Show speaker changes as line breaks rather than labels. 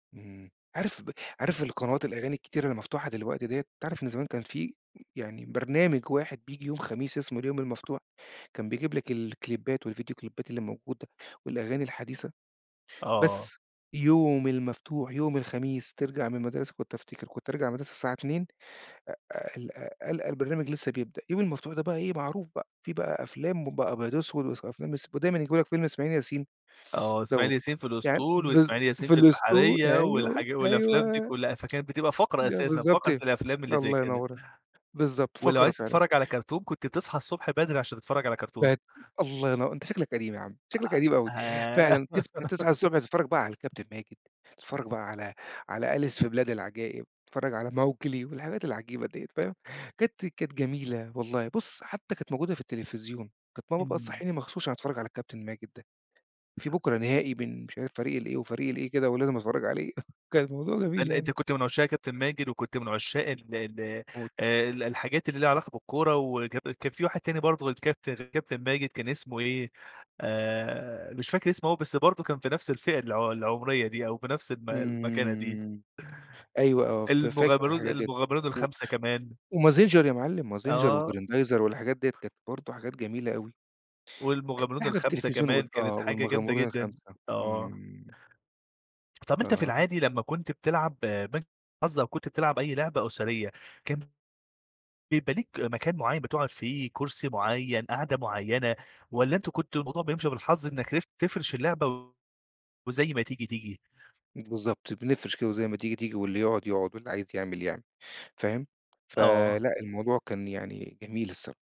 اهم، عارف ب عارف القنوات الأغاني الكتيرة المفتوحة دلوقتي دِيَّة، تعرَف إن زمان كان في يعني برنامج واحد بييجي يوم خميس اسمه اليوم المفتوح، كان بيجيب لك الكليبات والڨيديو كليبات الموجودة والأغاني الحديثة،
آه، آه.
بس يوم المفتوح يوم الخميس ترجَع من المدرسة كنت أفتكر كنت أرجَع من المدرسة الساعة 14:00 أ أ القى القى البرنامج لسّه بيبدأ، اليوم المفتوح ده بقى إيه معروف بقى، في بقى أفلام ب أبيض وأسوَد وأفلام إس ب ودايمًا يجيبوا لك فيلم إسماعيل ياسين
آه، إسماعيل
دَوَّة،
ياسين في
يعني
الأسطول،
بالض
وإسماعيل ياسين
في
في
الأسطول،
البحرية،
أيوه،
والحاجا والأفلام دي
أيوه.
كلّها، فكانت بتبقى فقرة
ده
أساسًا،
بالضبط
فقرة
إيه،
الأفلام اللي زي
الله
كده.
ينوّر بالضبط،
ولو
فقرة
عايز
فعلًا.
تتفرّج على كارتون كنت تصحى الصبح بدري، عشان تتفرّج على كارتون.
بقِت الله ينوّ أنت شكلك قديم يا عم شكلك قديم أوي،
أأه آآ
فعلًا تف تصحى الصبح تتفرّج بقى على الكابتن ماجد، تتفرّج بقى على على أليس في بلاد العجائب تتفرّج على ماوكلي والحاجات العجيبة دِيَّة، فاهم، كانت كانت جميلة والله، بُصّ حتّى كانت موجودة في التلفزيون، كانت ماما بقى
إمم.
تصحّيني مخصوص عشان أتفرّج على الكابتن ماجد ده، في بكرة نهائي بين مش عارف فريق ال إيه وفريق ال إيه كده، ولازم أتفرّج عليه، كان الموضوع جميل
هل
يعني.
أنت كنت من عشاق كابتن ماجد، وكنت من عشاق ال ال
موت.
آآ، ال الحاجات اللي ليها علاقة بالكورة، وكب وكان في واحد تاني برضه غير الكابتن كابتن ماجد، كان اسمه إيه آآ، مش فاكر اسمه أوي، بس برضه كان في نَفس الفئة الع العمرية دي، أو في نَفس الم المكانة دي.
إمم، أيوه آه، ف فاكر
المغامرون ال
الحاجات دِيَّة،
المغامرون
و
الخمسة كمان.
ومازنچر يا مَعلِّم مازنچر
آه.
وجريندايزر والحاجات دِيَّة، كانت برضه حاجات جميلة أوي. كانت في
والمغامرون
حاجة في
الخمسة
التلفزيون،
كمان،
وال
كانت
آه،
حاجة جامدة
والمغامرون
جدًا،
الخمسة،
آه.
إمم.
طَب أنت في
آه.
العادي لمّا كنت بتلعب آآ، بنك الحظ، أو كنت بتلعب أي لعبة أسرية، كان بيبقي ليك مكان معيّن بتقعُد فيه، كُرسي معيّن قعدة معيّنة، والَّا أنتم كنتوا الموضوع بيمشي بالحظ إنّك [unintelligible] تفرِش اللعبة وزي ما تيجي، تيجي؟
بالضبط، بنفرِش كده وزي ما تيجي، تيجي واللي يقعُد، يقعُد واللي عايز يعمل، يعمل، فاهم؟ ف
آه.
لأ الموضوع كان يعني جميل الصرا